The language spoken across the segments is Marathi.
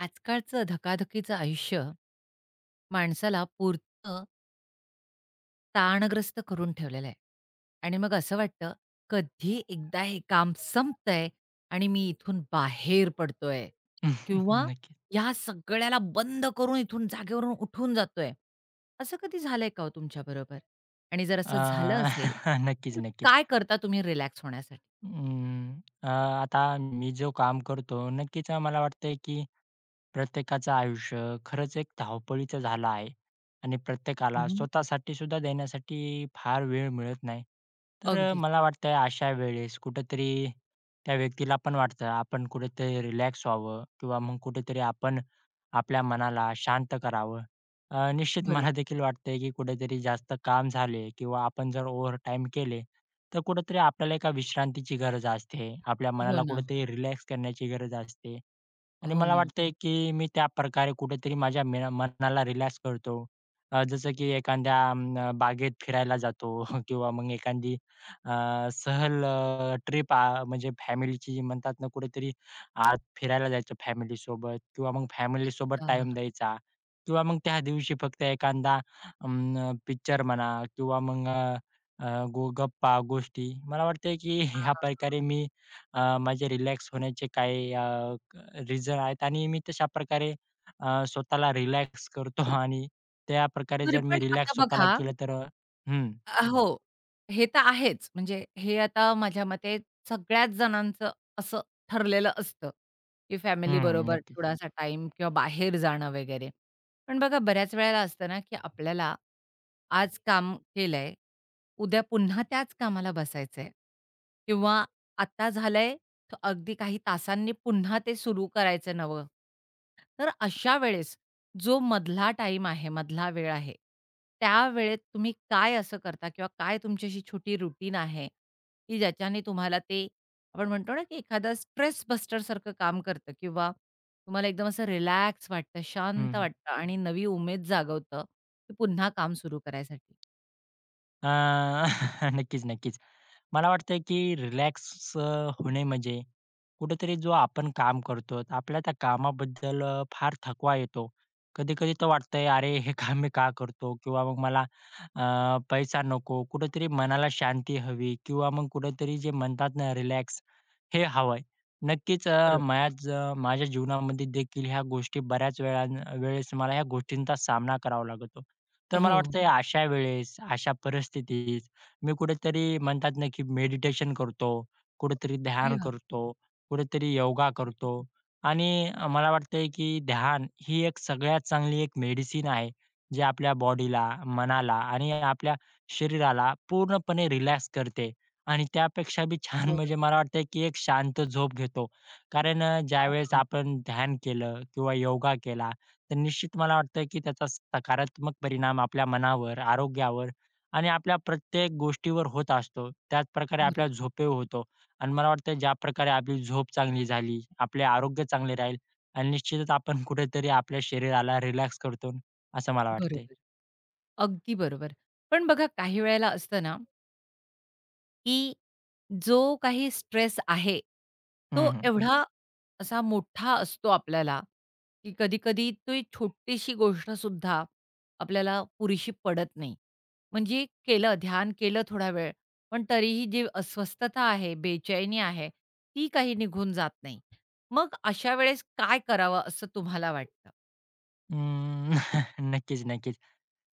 आजकालचं धकाधकीचं आयुष्य, माणसाला पुरतं ताणग्रस्त करून ठेवलेलं आहे आणि मग असं वाटतं कधी एकदा हे काम संपतंय आणि मी इथून बाहेर पडतोय. किंवा नक्की. या सगळ्याला बंद करून इथून जागेवरून उठून जातोय. असं कधी झालंय का हो तुमच्या बरोबर? आणि जर असं अ, झालं असेल नक्कीच, तर नक्कीच. काय करता तुम्ही रिलॅक्स होण्यासाठी? अं, अ, आता मी जो काम करतो नक्कीच अ, मला वाटतंय की प्रत्येकाचं आयुष्य खरंच एक धावपळीचं झालं आहे आणि हं, प्रत्येकाला हं. स्वतःसाठी सुद्धा देण्यासाठी फार वेळ मिळत नाही. तर अगदीच. मला वाटतंय अशा वेळेस कुठेतरी त्या व्यक्तीला पण वाटतं आपण कुठेतरी रिलॅक्स व्हावं किंवा मग कुठेतरी आपण आपल्या मनाला शांत करावं. अ, निश्चित मला बरोबर. देखील वाटतंय, की कुठेतरी जास्त काम झाले किंवा आपण जर ओव्हरटाईम केले तर कुठेतरी आपल्याला एका विश्रांतीची गरज असते. आपल्या हो मनाला ना. कुठेतरी रिलॅक्स करण्याची गरज असते आणि हो मला ना. वाटतंय, की मी त्याप्रकारे कुठेतरी माझ्या मैना मनाला रिलॅक्स करतो. अ, जसं की एखाद्या अं, बागेत फिरायला जातो किंवा मग एखादी अ, सहल ट्रिप अ, म्हणजे फॅमिलीची म्हणतात ना कुठेतरी आत फिरायला जायचं फॅमिलीसोबत. किंवा मग फॅमिलीसोबत टाईम अच्छा. द्यायचा किंवा मग त्या दिवशी फक्त एखादा अं, पिक्चर म्हणा किंवा मग अ, अ, गो गप्पा गोष्टी. मला वाटतं की ह्या प्रकारे हां. मी अ, माझे रिलॅक्स होण्याचे काही अ, रिझन आहेत आणि मी तशाप्रकारे अ, स्वतःला रिलॅक्स करतो आणि त्याप्रकारे बरं जर मी पण आता रिलॅक्स स्वतःला बघा केलं तर अ हं. अ, हो, हे तर आहेच म्हणजे हे आता माझ्या मते सगळ्याच जणांचं असं ठरलेलं असतं, की हं, फॅमिलीबरोबर नक्कीच. थोडासा टाईम किंवा बाहेर जाणं वगैरे. पण बघा बऱ्याच वेळेला असतं ना, की आपल्याला आज काम केलंय उद्या पुन्हा त्याच कामाला बसायचंय किंवा आता झालंय तर अगदी काही तासांनी पुन्हा ते सुरू करायचं नवं. तर अशा वेळेस जो मधला टाईम आहे मधला वेळ आहे, त्यावेळेत तुम्ही काय असं करता किंवा काय तुमची अशी छोटी रुटीन आहे? की ज्याच्याने तुम्हाला ते आपण म्हणतो ना की एखादा स्ट्रेस बस्टर सारखं काम करतं किंवा तुम्हाला एकदम असं रिलॅक्स वाटतं, हं, शांत हं. वाटतं आणि नवी उमेद जागवतं की पुन्हा काम सुरू करायसाठी? अ, नक्कीच, नक्कीच. मला वाटतंय की रिलॅक्स अ, होणे म्हणजे कुठेतरी जो आपण काम करतो आपल्या त्या कामाबद्दल फार थकवा येतो. कधी-कधी तर वाटतंय अरे, हे काम मी का करतो? किंवा मग मला, अ, पैसा नको, कुठेतरी मनाला शांती हवी किंवा मग कुठेतरी जे म्हणतात ना रिलॅक्स हे हवं आहे. नक्कीच अ, बरोबर. माझ माझ्या जीवनामध्ये देखील ह्या गोष्टी बऱ्याच वेळा वेळेस मला ह्या गोष्टींचा सामना करावा लागतो. तर मला हो. वाटतं या अशा, वेळेस अशा परिस्थितीत मी कुठेतरी म्हणतात ना की मेडिटेशन करतो. कुठेतरी अरे ध्यान वा! करतो, कुठेतरी योगा करतो आणि मला वाटतंय, की ध्यान ही एक सगळ्यात चांगली एक मेडिसिन आहे. जे आपल्या बॉडीला, मनाला आणि आपल्या शरीराला पूर्णपणे रिलॅक्स करते आणि त्यापेक्षाबी छान म्हणजे बरोबर. मला वाटतं, की एक शांत झोप घेतो. कारण अ, हं, ज्यावेळेस हं. आपण ध्यान केलं, किंवा योगा केला तर निश्चित मला वाटतं की त्याचा सकारात्मक परिणाम आपल्या मनावर, आरोग्यावर आणि आपल्या प्रत्येक गोष्टीवर होत असतो. त्याचप्रकारे आपल्याला बरोबर. झोप होतो अन् मला वाटतं ज्याप्रकारे आपली झोप चांगली झाली आपले आरोग्य चांगले राहील अन् निश्चितच आपण कुठेतरी आपल्या शरीराला रिलॅक्स करतो असं मला वाटते. बरोबर. अगदी बरोबर. पण बघा काही वेळेला असत ना की जो काही स्ट्रेस आहे, तो हं, हं. एवढा असा मोठा असतो आपल्याला, की कधी-कधी ती छोटीशी गोष्टसुद्धा आपल्याला पुरेशी पडत नाही. म्हणजे केलं ध्यान केलं थोडा वेळ, पण तरीही जी अस्वस्थता आहे, बेचैनी आहे, ती काही निघून जात नाही. मग अशा वेळेस काय करावं असं तुम्हाला वाटतं? अं, नक्कीच-नक्कीच.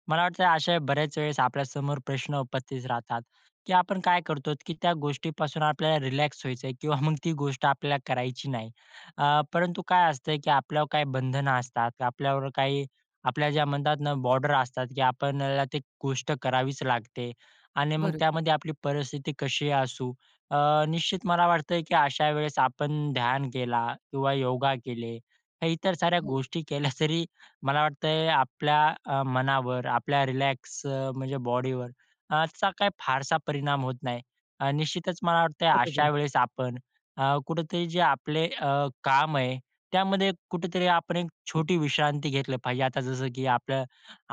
मला वाटतं अशा बऱ्याच वेळेस आपल्या समोर प्रश्न उपस्थित राहतात, की आपण काय करतो, की त्या गोष्टीपासून आपल्याला रिलॅक्स व्हायचंय किंवा मग ती गोष्ट आपल्याला करायची नाही. अ, परंतु काय असतं, की आपल्यावर काही बंधनं असतात. आपल्यावर काही आपल्या ज्या म्हणतात ना बॉर्डर असतात, की आपल्याला ती गोष्ट करावीच लागते आणि मग बरं. त्यामध्ये आपली परिस्थिती कशी असू. अ, निश्चित मला वाटतं, की अशा वेळेस आपण ध्यान केला किंवा योगा केले इतर साऱ्या हो. गोष्टी केल्या, तरी मला वाटतं आपल्या अ, मनावर आपल्या रिलॅक्स अ, म्हणजे बॉडीवर अ, याचा काही फारसा परिणाम होत नाही. अ, निश्चितच मला वाटतं अशा बरोबर. वेळेस आपण अ, कुठेतरी जे आपले अ, काम आहे, त्यामध्ये कुठेतरी आपण एक छोटी विश्रांती घेतली पाहिजे. आता जसं की आपलं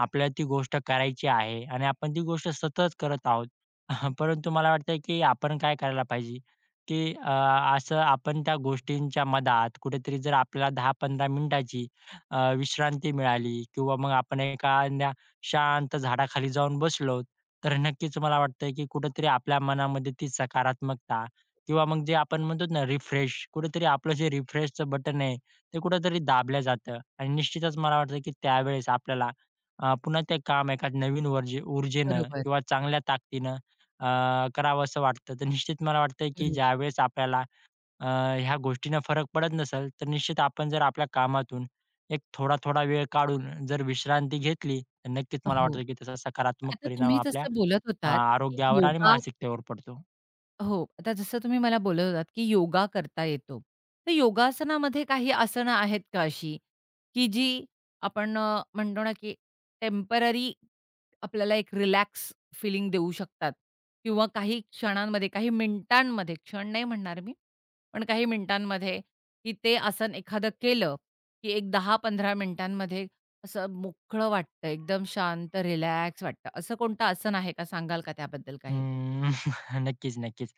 आपल्याला ती गोष्ट करायची आहे आणि आपण ती गोष्ट सतत करत आहोत. परंतु मला वाटतं, की आपण काय करायला पाहिजे, की अ, असं आपण त्या गोष्टींच्या मधात कुठेतरी जर आपल्याला 10-15 मिनिटाची अ, विश्रांती मिळाली किंवा मग आपण एखाद्या शांत झाडाखाली जाऊन बसलो, तर नक्कीच मला वाटतं, की कुठेतरी आपल्या मनामध्ये ती सकारात्मकता किंवा मग जे आपण म्हणतो ना रिफ्रेश, कुठेतरी आपलं जे रिफ्रेशच बटन आहे ते कुठेतरी दाबलं जातं. आणि निश्चितच मला वाटतं की त्यावेळेस आपल्याला अ, पुन्हा ते काम एका नवीन वर्जी ऊर्जेनं बरोबर. किंवा चांगल्या ताकदीनं अ, करावंस वाटतं. तर निश्चित मला वाटतं की बरं. ज्यावेळेस आपल्याला अ, ह्या गोष्टींना फरक पडत नसेल, तर निश्चित आपण जर आपल्या कामातून एक थोडा-थोडा वेळ काढून जर विश्रांती घेतली, तर नक्कीच मला हो. वाटतं, की त्याचा सकारात्मक आता परिणाम तुम्ही आपल्या जसं बोलत होतात की आरोग्यावर आणि योगा, मानसिकतेवर पडतो. हो, आता जसं तुम्ही मला बोलत होतात, की योगा करता येतो. तर योगासनामध्ये काही आसनं आहेत का अशी, की जी आपण अ, म्हणतो ना की टेम्पररी आपल्याला एक रिलॅक्स फिलिंग देऊ शकतात, किंवा काही क्षणांमध्ये, काही मिनिटांमध्ये, क्षण नाही म्हणणार मी, पण काही मिनिटांमध्ये, की ते आसन एखादं केलं की एक 10-15 मिनिटांमध्ये असं मोकळं वाटतं, एकदम शांत रिलॅक्स वाटतं, असं कोणतं आसन आहे का, सांगाल का त्याबद्दल काही? अं, नक्कीच, नक्कीच.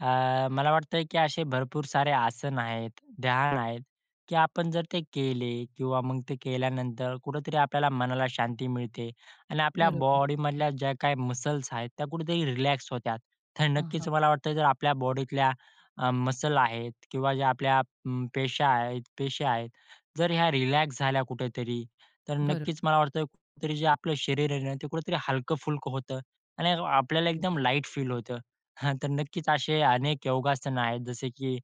अ, मला वाटतं की असे भरपूर सारे आसन आहेत, ध्यान आहेत, की आपण जर ते केले किंवा मग ते केल्यानंतर कुठेतरी आपल्याला मनाला शांती मिळते आणि आपल्या बरोबर. बॉडीमधल्या ज्या काही मसल्स आहेत, त्या कुठेतरी रिलॅक्स होतात. तर नक्कीच आहां. मला वाटतं, जर आपल्या बॉडीतल्या अ, मसल आहेत किंवा जे आपल्या म पेशा आहेत पेशे आहेत, जर ह्या रिलॅक्स झाल्या कुठेतरी, तर बरं. नक्कीच मला वाटतं कुठेतरी जे आपलं शरीर आहे ना, ते कुठेतरी हलकं-फुलकं होतं आणि आपल्याला हं, हं. एकदम लाईट फील होतं. हां, तर नक्कीच असे अनेक योगासनं आहेत, जसे की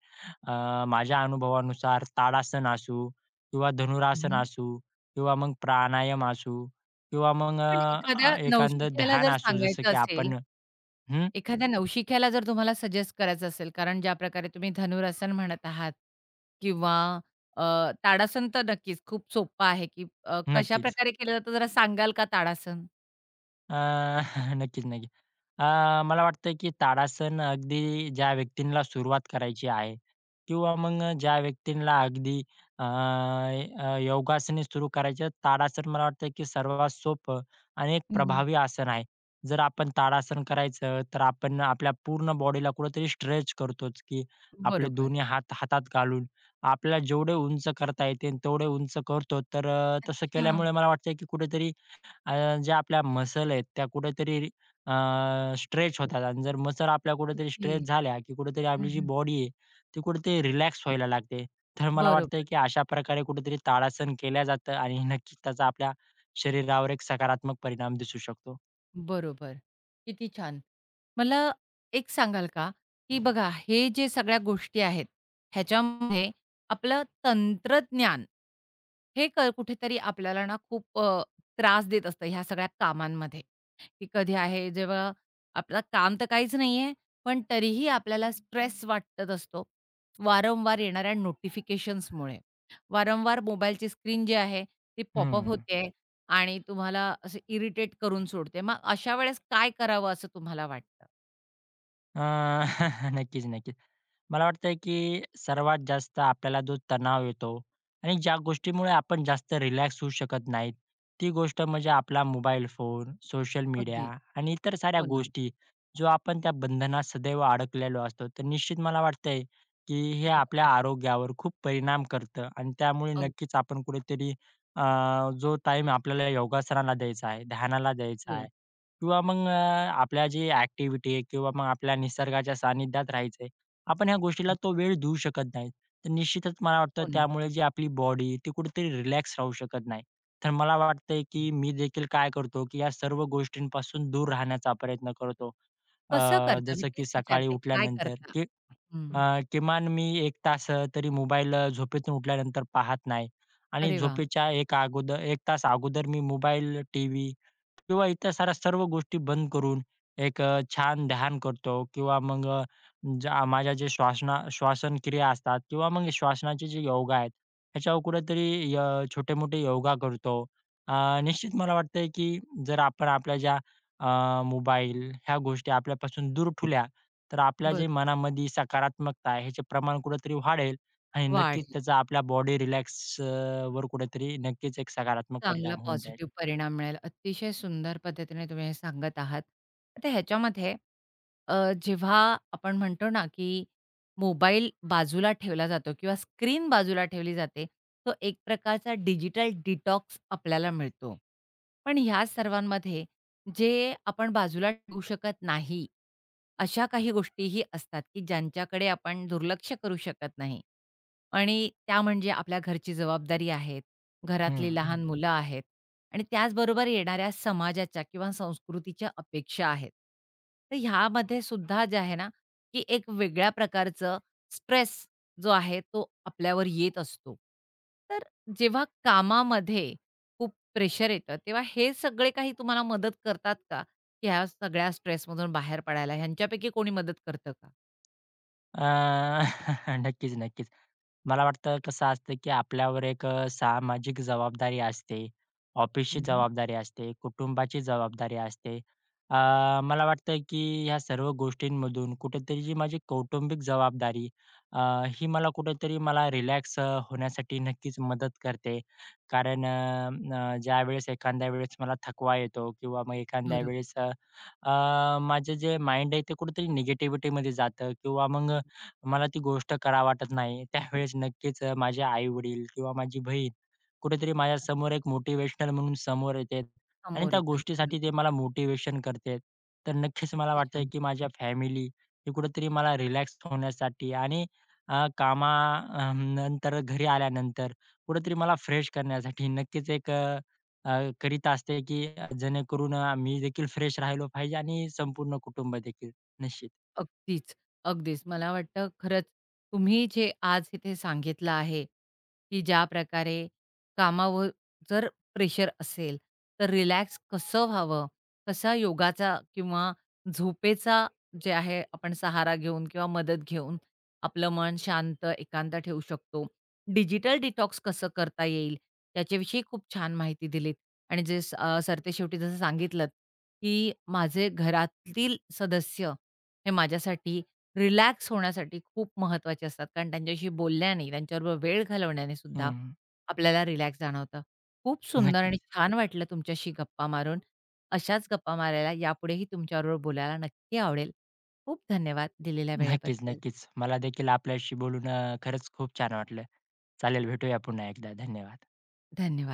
अ, माझ्या अनुभवानुसार ताडासन असू किंवा हं, धनुरासन हं. असू किंवा मग प्राणायाम असू किंवा हो, मग पण अ, अ, एखाद्या एखादं नवशिक्याला ध्यान जर असू जसं सांगायचं की असेल, आपण हं. एखाद्या नवशिक्याला जर तुम्हाला सजेस्ट करायचं असेल, कारण ज्या प्रकारे तुम्ही धनुरासन म्हणत आहात किंवा अ, ताडासन, तर नक्कीच खूप सोप्पं आहे की कशा नक्कीच. प्रकारे केलं जातं, जरा सांगाल का ताडासन? अ, नक्कीच, नक्की. अ, मला वाटतंय की ताडासन अगदी ज्या व्यक्तींना सुरुवात करायची आहे किंवा मग अ, ज्या व्यक्तींना अगदी अ, अ, योगासने सुरू करायची आहेत, ताडासन मला वाटतं की सर्वात सोपं आणि एक हं, हं. प्रभावी आसन आहे. जर आपण ताडासन करायचं, तर आपण आपल्या पूर्ण बॉडीला कुठेतरी स्ट्रेच करतोच की आपले बरोबर. दोन्ही हात हातात घालून आपल्याला जेवढे उंच करता येते तेवढे उंच करतो, तर अ, तसं केल्यामुळे अच्छा. मला वाटते की कुठेतरी अ, ज्या आपल्या मसल आहेत त्या कुठेतरी अ, स्ट्रेच होतात. आणि जर मसल्स आपल्या कुठेतरी ओके. स्ट्रेच झाल्या की कुठेतरी हं, आपली जी हं. बॉडी आहे ती कुठेतरी रिलॅक्स व्हायला लागते. तर मला वाटतं बरोबर. की अशा प्रकारे कुठेतरी ताडासन केलं जातं आणि नक्की त्याचा आपल्या शरीरावर एक सकारात्मक परिणाम दिसू शकतो. बरोबर, किती छान. मला एक सांगाल का की बघा हे जे सगळ्या गोष्टी आहेत, ह्याच्यामध्ये आपलं तंत्रज्ञान हे क कुठेतरी आपल्याला ना खूप अ, त्रास देत असतं ह्या सगळ्या कामांमध्ये. की कधी आहे जेव्हा आपलं काम तर काहीच नाहीये, पण तरीही आपल्याला स्ट्रेस वाटत असतो. वारंवार येणाऱ्या नोटिफिकेशन्समुळे, वारंवार मोबाईलची स्क्रीन जी आहे ती पॉपअप हं. होतेय आणि तुम्हाला असे इरिटेट करून सोडते. मग अशा वेळेस काय करावं असं तुम्हाला वाटतं? अ, नक्कीच, नक्कीच. मला वाटतंय की सर्वात जास्त आपल्याला जो तणाव येतो आणि ज्या गोष्टीमुळे आपण जास्त रिलॅक्स होऊ शकत नाही, ती गोष्ट म्हणजे आपला मोबाईल फोन, सोशल मीडिया अगदी. आणि इतर साऱ्या हो ना. गोष्टी. जो आपण त्या बंधनात सदैव अडकलेलो असतो, तर निश्चित मला वाटतंय की हे आपल्या बरोबर. आरोग्यावर खूप परिणाम करतं अन् त्यामुळे अगदी. नक्कीच आपण कुठेतरी, अ, जो टाईम आपल्याला योगासनाला द्यायचा आहे, ध्यानाला द्यायचा आहे हो. किंवा मग आपल्या जे एक्टिव्हिटी आहे किंवा मग आपल्या निसर्गाच्या सानिध्यात राहायचं आहे, आपण ह्या गोष्टीला तो वेळ देऊ शकत नाही. तर निश्चितच मला वाटतं हो ना. त्यामुळे जी आपली बॉडी ती कुठेतरी रिलॅक्स राहू शकत नाही. तर मला वाटतंय, की मी देखील काय करतो की या सर्व गोष्टींपासून दूर राहण्याचा प्रयत्न करतो. अ, कसं करता? मी जसं की तेच सकाळी विचारते काय उठल्यानंतर, करता? की अ, हं. किमान मी 1 तास अ, तरी मोबाईल झोपेतून उठल्यानंतर पाहत नाही आणि अरे वाह! झोपेच्या एक अगोदर 1 तास अगोदर मी मोबाईल, टीव्ही किंवा इतर साऱ्या सर्व गोष्टी बंद करून एक अ, छान ध्यान करतो किंवा मग अ, ज्या माझ्या जे श्वासना श्वासनक्रिया असतात किंवा मग श्वासनाचे जे योग आहेत, ह्याच्यावर कुठेतरी अ, छोटे-मोठे योगा करतो अ, निश्चित मला वाटतंय, की जर आपण आपल्या ज्या अ, मोबाईल ह्या गोष्टी आपल्यापासून दूर ठेवल्या. तर आपल्या बरं. जे मनामध्ये सकारात्मकता आहे याचे प्रमाण कुठेतरी वाढेल आणि वाढ. नक्कीच त्याचा आपल्या बॉडी रिलॅक्स अ, वर कुठेतरी नक्कीच एक सकारात्मक चांगला परिणाम होऊन जाईल. पॉझिटिव्ह परिणाम मिळेल. अतिशय सुंदर पद्धतीने तुम्ही हे सांगत आहात. तर ह्याच्यामध्ये अ, जेव्हा आपण म्हणतो ना, की मोबाईल बाजूला ठेवला जातो किंवा स्क्रीन बाजूला ठेवली जाते. तो एक प्रकारचा डिजिटल डिटॉक्स आपल्याला मिळतो. पण या सर्वांमध्ये जे आपण बाजूला ठेवू शकत नाही, अशा काही गोष्टीही असतात की ज्यांच्याकडे आपण दुर्लक्ष करू शकत नाही आणि त्या म्हणजे आपल्या घरची जबाबदारी आहे, घरातली हं. लहान मुलं आहेत आणि त्याच बरोबर येणाऱ्या समाजाच्या किंवा संस्कृतीच्या अपेक्षा आहेत. तर ह्यामध्ये सुद्धा जे आहे ना की एक वेगळ्या प्रकारचं स्ट्रेस जो आहे तो आपल्यावर येत असतो. तर जेव्हा कामामध्ये खूप प्रेशर येतं तेव्हा हे सगळे काही तुम्हाला मदत करतात का? ह्या सगळ्या स्ट्रेसमधून बाहेर पडायला, ह्यांच्यापैकी कोणी मदत करत का? अ नक्कीच, नक्कीच. मला वाटतं कसं असतं, की आपल्यावर एक सामाजिक जबाबदारी असते, हं, ऑफिसची हं. जबाबदारी असते, कुटुंबाची जबाबदारी असते. अ, मला वाटतं की ह्या सर्व गोष्टींमधून कुठेतरी जी माझी कौटुंबिक जबाबदारी, अ, ही मला कुठेतरी मला रिलॅक्स अ, होण्यासाठी नक्कीच मदत करते. कारण अ, अ, ज्यावेळेस, एखाद्या वेळेस मला थकवा येतो, किंवा मग एखाद्या बरोबर. वेळेस अ, अ, माझं जे माइंड आहे, ते कुठेतरी निगेटिव्हिटीमध्ये जातं किंवा मग अ, मला ती गोष्ट करावी वाटत नाही. त्यावेळेस नक्कीच माझे आईवडील किंवा माझी बहीण कुठेतरी माझ्यासमोर एक मोटिव्हेशनल म्हणून समोर येते आणि समोर त्या येतात, गोष्टीसाठी ते बरोबर. मला मोटिव्हेशन करते. तर नक्कीच मला किती वाटतं, छान. की माझ्या फॅमिली ही कुठेतरी मला रिलॅक्स होण्यासाठी आणि अ, कामानंतर घरी आल्यानंतर कुठेतरी मला फ्रेश करण्यासाठी नक्कीच एक अ, अ, करीत असते की जेणेकरून अ, मी देखील फ्रेश राहिलो पाहिजे आणि संपूर्ण कुटुंब देखील निश्चित. अगदीच, अगदीच. मला वाटतं खरंच तुम्ही जे आज इथे सांगितलं, आहे की ज्याप्रकारे कामावर जर प्रेशर असेल, तर रिलॅक्स कसं व्हावं, कसा योगाचा किंवा झोपेचा जे आहे, आपण सहारा घेऊन किंवा मदत घेऊन आपलं मन शांत, एकांत ठेवू शकतो. डिजिटल डिटॉक्स कसं करता येईल, त्याच्याविषयी खूप छान माहिती दिलीत आणि जे अ, सरते शेवटी जसं सांगितलंत, की माझे घरातील सदस्य हे माझ्यासाठी रिलॅक्स होण्यासाठी खूप महत्त्वाचे असतात. कारण त्यांच्याशी बोलल्याने, त्यांच्याबरोबर वेळ घालवण्याने सुद्धा हं. आपल्याला रिलॅक्स जाणवतं. खूप सुंदर आणि नक्कीच. छान वाटलं तुमच्याशी गप्पा मारून. अशाच गप्पा मारायला, यापुढेही तुमच्याबरोबर बोलायला नक्की आवडेल. खूप धन्यवाद दिलेल्या नक्कीच, वेळेबद्दल. नक्कीच. मला देखील आपल्याशी बोलून अ, खरंच खूप छान वाटलं. चालेल, भेटूया पुन्हा एकदा. धन्यवाद. धन्यवाद.